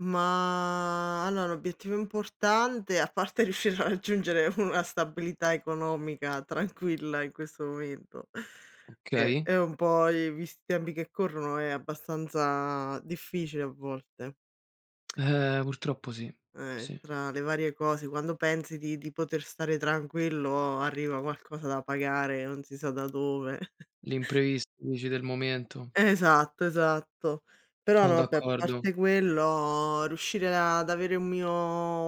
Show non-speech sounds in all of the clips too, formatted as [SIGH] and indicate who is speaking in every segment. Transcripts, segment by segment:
Speaker 1: Ma allo l'obiettivo importante, a parte riuscire a raggiungere una stabilità economica tranquilla, in questo momento ceh
Speaker 2: Okay.
Speaker 1: è un po' visti i tempi che corrono è abbastanza difficile a volte.
Speaker 2: Eh, purtroppo sì.
Speaker 1: Eh,
Speaker 2: Sì.
Speaker 1: tra le varie cose quando pensi di di poter stare tranquillo arriva qualcosa da pagare, non si sa da dove. [CHUCKLES]
Speaker 2: L'imprevist dici, del momento.
Speaker 1: Esatto esatto. Però
Speaker 2: Son
Speaker 1: no vabbè, a
Speaker 2: d'accordo.
Speaker 1: parte quello, riuscire ad avere un mio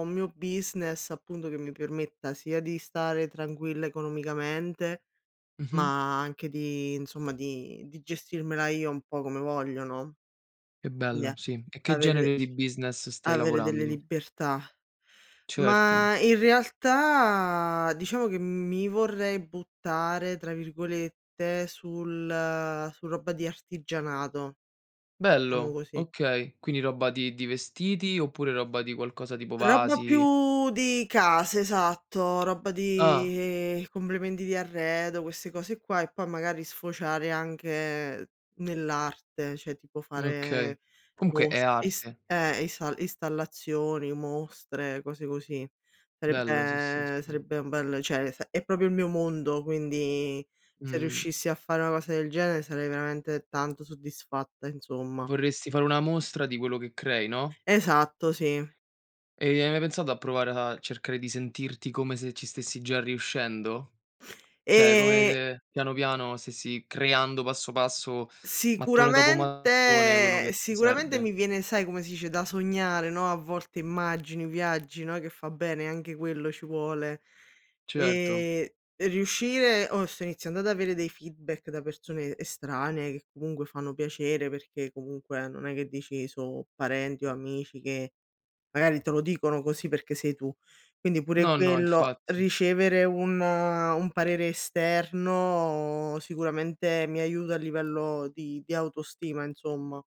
Speaker 1: un mio business appunto che mi permetta sia di stare tranquilla economicamente,
Speaker 2: Mh-mh.
Speaker 1: ma anche di insomma, di di gestirmela io un po' come voglio no.
Speaker 2: Che
Speaker 1: Quindi
Speaker 2: bello,
Speaker 1: è
Speaker 2: sì. E che
Speaker 1: avere
Speaker 2: genere di business stai
Speaker 1: avere delle
Speaker 2: lavorando?
Speaker 1: libertà.
Speaker 2: Certo.
Speaker 1: Ma in realtà, diciamo che mi vorrei "buttare" tra virgolette sul su roba di artigianato, diciamo
Speaker 2: Bello,
Speaker 1: così.
Speaker 2: okay, quindi roba di di vestiti oppure roba di qualcosa tipo
Speaker 1: Roba
Speaker 2: vasi?
Speaker 1: più di case, esatto, roba
Speaker 2: Ah.
Speaker 1: di complementi di arredo, queste cose qua e poi magari sfociare anche nell'arte, cioè, tipo
Speaker 2: Okay,
Speaker 1: fare
Speaker 2: comunque è
Speaker 1: mostr is
Speaker 2: arte.
Speaker 1: eh, isa installazioni, mostre, cose così.
Speaker 2: Bello, sì, sì,
Speaker 1: Sarebbe
Speaker 2: sì.
Speaker 1: sarebbe un bel cioè, s è proprio il mio mondo, quindi se
Speaker 2: Mh-mh.
Speaker 1: riuscissi a far una cosa del genere sarei veramente tanto soddisfatta, insomma.
Speaker 2: Vorresti fare una mostra di quello che crei, no?
Speaker 1: Esatto, sì.
Speaker 2: E hai mai pensato a provare a cercare di sentirti come se ci stessi già riuscendo? Cioè, come
Speaker 1: E
Speaker 2: se piano piano stessi creando passo passo, mattone dopo mattone, quello
Speaker 1: Sicuramente
Speaker 2: che ti
Speaker 1: sicuramente
Speaker 2: serve?
Speaker 1: mi viene sai, come si dice, da sognare, no, a volte immagini, viaggi, no, che fa bene, anche quello ci vuole.
Speaker 2: Certo.
Speaker 1: Ehm riuscire oh sto iniziando ad avere dei feedback da persone estranee che comunque fanno piacere perché comunque non è che dici: "So' parenti o amici che magari te lo dicono così perché sei tu." Quindi pure
Speaker 2: No, no,
Speaker 1: quello,
Speaker 2: infatti.
Speaker 1: ricevere un un parere esterno sicuramente mi aiuta a livello di di autostima insomma.